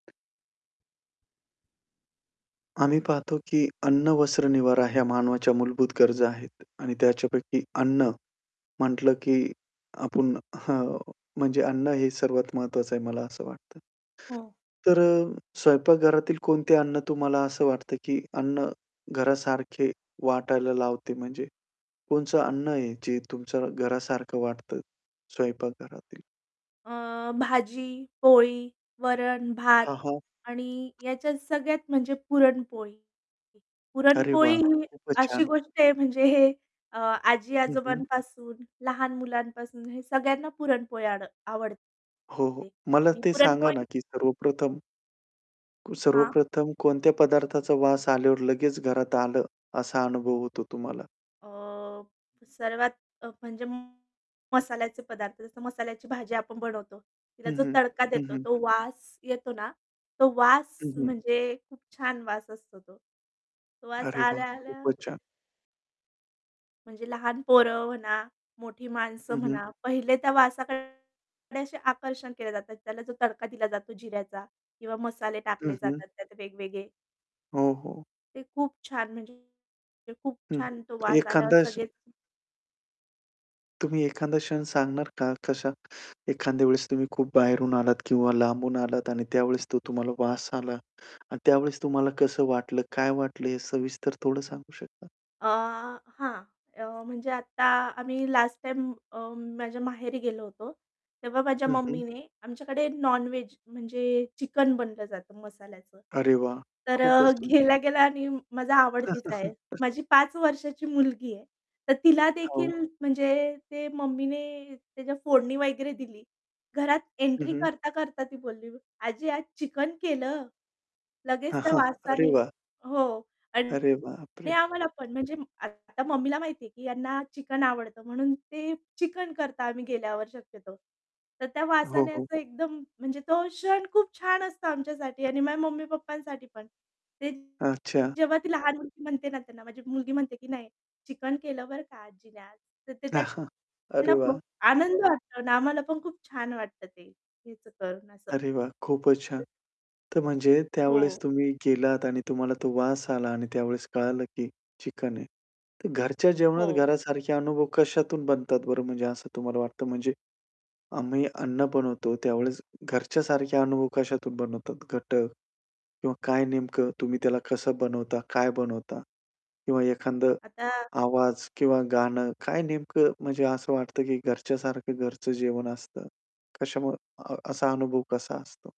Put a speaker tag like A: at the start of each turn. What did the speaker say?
A: आम्ही पाहतो की अन्न, वस्त्र, निवारा ह्या मानवाच्या मूलभूत गरजा आहेत आणि त्याच्यापैकी अन्न म्हटलं, की आपण हं, म्हणजे अन्न हे सर्वात महत्वाचं आहे मला असं वाटतं.
B: हं.
A: तर अ, स्वयंपाकघरातील कोणते अन्न तुम्हाला असं वाटतं की अन्न घरासारखे वाटायला लावते म्हणजे? कोणतं अन्न आहे, जे तुमच्या घरासारखं वाटतं स्वयंपाक घरातील?
B: अ, भाजी-पोळी, वरण-भात
A: हां, हां.
B: आणि ह्याच्यात सगळ्यात म्हणजे पुरणपोळी.
A: अरे
B: पुरणपोळी
A: वाह!
B: ही
A: खूपच
B: अशी
A: छान!
B: गोष्ट आहे म्हणजे हे अ,
A: हं, हं.
B: आजी-आजोबांपासून लहान मुलांपासून हे सगळ्यांना पुरणपोळी आड
A: हो, हो.
B: आवडते.
A: मला
B: आणि
A: ते सांगा
B: पुरणपोळी
A: ना की सर्वप्रथम
B: हां.
A: सर्वप्रथम कोणत्या पदार्थाचा वास आल्यावर लगेच घरात आलं असा अनुभव होतो तुम्हाला?
B: अ, सर्वात अ, म्हणजे मसाल्याचे पदार्थ. जसं मसाल्याची भाजी आपण बनवतो, तिला
A: हं,
B: जो
A: हं.
B: तडका
A: हं,
B: देतो,
A: हं.
B: तो वास येतो ना, तो वास
A: हं, हं.
B: म्हणजे खूप छान वास असतो तो. तो वास
A: अरे वाह!
B: आल्या-आल्या
A: खूपच छान.
B: म्हणजे लहान पोरं म्हणा, मोठी माणसं
A: हं, हं.
B: म्हणा, पहिले त्या वासाकडे, थोडेसे आकर्षण केले जातात. त्याला जो तडका दिला जातो जिऱ्याचा किंवा मसाले
A: हं,
B: टाकले
A: हं.
B: जातात त्यात वेगवेगळे.
A: हो, हो.
B: ते खूप छान म्हणजे ते खूप
A: हं,
B: छान तो
A: हं.
B: वास आल्यावर
A: एखादा क्ष
B: सगळेच
A: तुम्ही एखादा क्षण सांगणार का कशा एखाद्या वेळेस तुम्ही खूप बाहेरून आलात किंवा लांबून आलात आणि त्यावेळेस तो तुम्हाला वास आला आणि त्यावेळेस तुम्हाला कसं वाटलं, काय वाटलं हे सविस्तर थोडं सांगू शकता?
B: अ, हां. अ, म्हणजे आता आम्ही लास्ट टाईम अ, माझ्या माहेरी गेलो होतो. तेव्हा माझ्या
A: हं, हं.
B: मम्मीने आमच्याकडे नॉन-व्हेज म्हणजे चिकन बनलं जातं मसाल्याचं.
A: अरे वाह!
B: तर
A: खूपच
B: अ,
A: सुंद
B: गेल्या-गेल्या आणि माझा आवडतीचं आहे. माझी 5 वर्षाची मुलगी आहे, तर तिला
A: हो.
B: देखील म्हणजे ते मम्मीने त्याच्या फोडणी वगैरे दिली. घरात
A: हं,
B: एंट्री
A: हं.
B: करता-करता ती बोलली, "आजी आज चिकन केलं?" लगेच
A: अ,
B: त्या
A: हां. अरे
B: वासानी
A: वाह!
B: हो आणि
A: अरे बाप
B: दे
A: रे!
B: आम्हाला पण म्हणजे आता मम्मीला माहिती आहे की यांना चिकन आवडतं, म्हणून ते चिकन करता आम्ही गेल्यावर शक्यतो. तर त्या
A: हो,
B: वासाने
A: हो.
B: असं एकदम, म्हणजे तो क्षण खूप छान असतं आमच्यासाठी आणि माझ्या मम्मी-पप्पांसाठी पण. ते
A: अच्छा.
B: जेव्हा ती लहान मुलगी म्हणते ना त्यांना माझी मुलगी म्हणते, की "नाही, चिकन केलं बरं का" "आजीने आज." तर ते त्यांना
A: अरे वाह!
B: खूप आनंद वाटतो अन् आम्हाला पण खूप छान वाटतं ते हेच करून असं.
A: अरे वाह! खूपच छान! तर म्हणजे त्यावेळेस
B: हो.
A: तुम्ही गेलात आणि तुम्हाला तो वास आला आणि त्यावेळेस कळालं की चिकन आहे. तर घरच्या जेवणात
B: हो.
A: घरासारखे अनुभव कशातून बनतात बरं म्हणजे असं तुम्हाला वाटतं? म्हणजे, आम्ही अन्न बनवतो त्यावेळेस घरच्यासारख्या अनुभव कशातून बनवतात घटक किंवा काय नेमकं तुम्ही त्याला कसं बनवता, काय बनवता किंवा एखादं
B: आता
A: आवाज किंवा गाणं काय नेमकं म्हणजे असं वाटतं की घरच्यासारखं घरचं जेवण असतं. कशामुळे अ असा अनुभव कसा असतो?